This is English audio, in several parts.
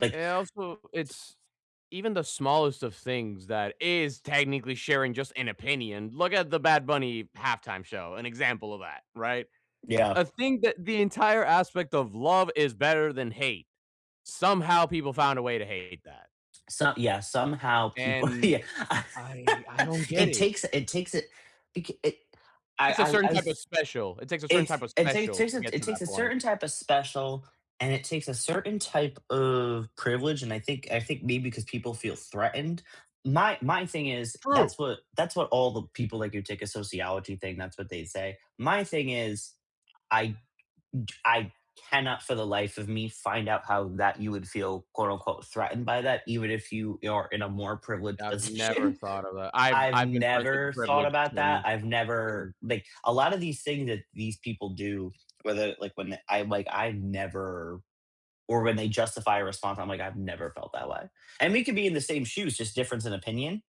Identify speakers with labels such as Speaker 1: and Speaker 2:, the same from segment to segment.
Speaker 1: Like
Speaker 2: And also, it's even the smallest of things that is technically sharing just an opinion. Look at the Bad Bunny Halftime show, an example of that, right?
Speaker 1: Yeah.
Speaker 2: I think that the entire aspect of love is better than hate. Somehow people found a way to hate that.
Speaker 1: So Yeah, somehow people
Speaker 2: And
Speaker 1: yeah
Speaker 2: I I don't get
Speaker 1: it
Speaker 2: it.
Speaker 1: takes it takes it it k I
Speaker 2: It's a
Speaker 1: I
Speaker 2: certain
Speaker 1: I
Speaker 2: type
Speaker 1: s
Speaker 2: of special it takes a certain
Speaker 1: it's
Speaker 2: type of
Speaker 1: it
Speaker 2: special
Speaker 1: takes
Speaker 2: to get
Speaker 1: it
Speaker 2: to that
Speaker 1: takes a
Speaker 2: point.
Speaker 1: certain type of special and it takes a certain type of privilege, and I think I think maybe 'cause people feel threatened. My my thing is,
Speaker 2: True.
Speaker 1: that's what that's what all the people like you take a sociology thing, that's what they say. My thing is, I d I cannot for the life of me find out how that you would feel, quote unquote "threatened by that," even if you are in a more privileged
Speaker 2: I've never
Speaker 1: position.
Speaker 2: thought of that. I've
Speaker 1: I've
Speaker 2: I've been friends with the
Speaker 1: never thought
Speaker 2: privileged
Speaker 1: about
Speaker 2: and
Speaker 1: that. I've never, like, a lot of these things that these people do, whether, like when I'm, like, I've never or when they justify a response, I'm like, I've never felt that way, and we could be in the same shoes, just difference in opinion,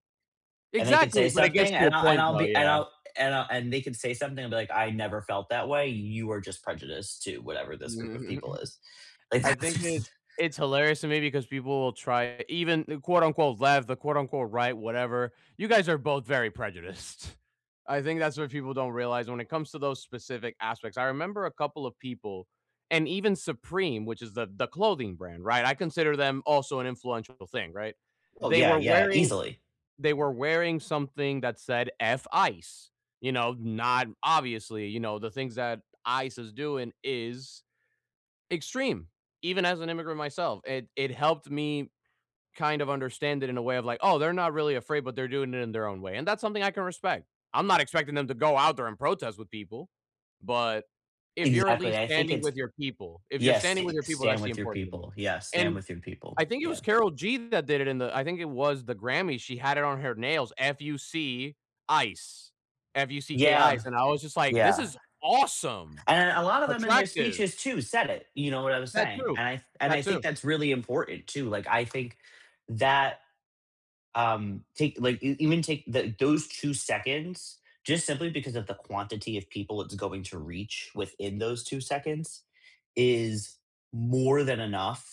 Speaker 1: and they can
Speaker 2: Exactly,
Speaker 1: say
Speaker 2: but it gets
Speaker 1: something,
Speaker 2: to a
Speaker 1: and I'll and
Speaker 2: point
Speaker 1: I'll
Speaker 2: though,
Speaker 1: be and
Speaker 2: yeah.
Speaker 1: I'll and I and they could say something and be like, "I never felt that way, you are just prejudiced to whatever this group of people is," like
Speaker 2: I
Speaker 1: that
Speaker 2: think it's
Speaker 1: jus
Speaker 2: it's hilarious to me because people will try, even the quote unquote "left" the quote unquote "right" whatever, you guys are both very prejudiced. I think that's what people don't realize when it comes to those specific aspects. I remember a couple of people, and even Supreme, which is the the clothing brand, right? I consider them also an influential thing, right?
Speaker 1: Oh
Speaker 2: They
Speaker 1: yeah,
Speaker 2: were
Speaker 1: yeah,
Speaker 2: wearing
Speaker 1: easily.
Speaker 2: they were wearing something that said F Ice, you know, not obviously, you know, the things that ICE is doing is extreme, even as an immigrant myself, it it helped me kind of understand it in a way of like, "Oh, they're not really afraid, but they're doing it in their own way," and that's something I can respect. I'm not expecting them to go out there and protest with people, but if you're at
Speaker 1: Exactly,
Speaker 2: least
Speaker 1: I think
Speaker 2: standing
Speaker 1: it's
Speaker 2: with your people, if you're
Speaker 1: Yes,
Speaker 2: standing with
Speaker 1: st
Speaker 2: your people,
Speaker 1: stand
Speaker 2: that's
Speaker 1: with your
Speaker 2: important to me,
Speaker 1: people. Yeah, stand
Speaker 2: and
Speaker 1: with your people,
Speaker 2: I think it
Speaker 1: yeah.
Speaker 2: was Carol G that did it in the I think it was the Grammy, she had it on her nails, F-U-C ICE, F U-C-K
Speaker 1: Yeah,
Speaker 2: ICE, and I was just like, "This
Speaker 1: yeah.
Speaker 2: is awesome."
Speaker 1: And a lot of them in their
Speaker 2: Attractive.
Speaker 1: speeches too said it, you know what I was
Speaker 2: That
Speaker 1: saying,
Speaker 2: too,
Speaker 1: and I and
Speaker 2: that
Speaker 1: I think
Speaker 2: too.
Speaker 1: that's really important too, like I think that, um, take, like e even take, eh, those 2 seconds, just simply because of the quantity of people it's going to reach within those 2 seconds, is more than enough